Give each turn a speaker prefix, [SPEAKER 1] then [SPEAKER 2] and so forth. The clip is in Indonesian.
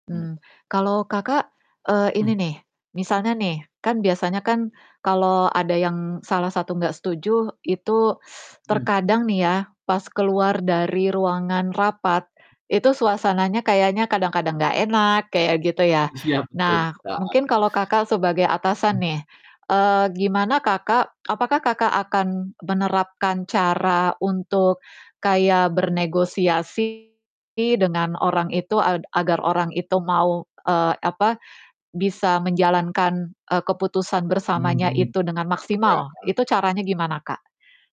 [SPEAKER 1] Mmm.
[SPEAKER 2] Mmm, kalau Kakak, eee, ini
[SPEAKER 1] Mmm.
[SPEAKER 2] nih, misalnya nih, kan biasanya kan kalau ada yang salah satu nggak setuju, itu
[SPEAKER 1] Iya.
[SPEAKER 2] terkadang nih ya, pas keluar dari ruangan rapat, itu suasananya kayaknya kadang-kadang nggak enak, kayak gitu ya?
[SPEAKER 1] Is iya, betul
[SPEAKER 2] Nah,
[SPEAKER 1] sih, Kak.
[SPEAKER 2] mungkin kalau Kakak, sebagai atasan
[SPEAKER 1] Mmm.
[SPEAKER 2] nih, eee, gimana Kakak apakah Kakak, akan menerapkan cara untuk kayak bernegosiasi dengan orang itu, ad agar orang itu mau, eee, apa, bisa menjalankan, eee, keputusan bersamanya
[SPEAKER 1] Mhm,
[SPEAKER 2] itu dengan
[SPEAKER 1] iya,
[SPEAKER 2] maksimal,
[SPEAKER 1] heeh.
[SPEAKER 2] itu caranya gimana, Kak?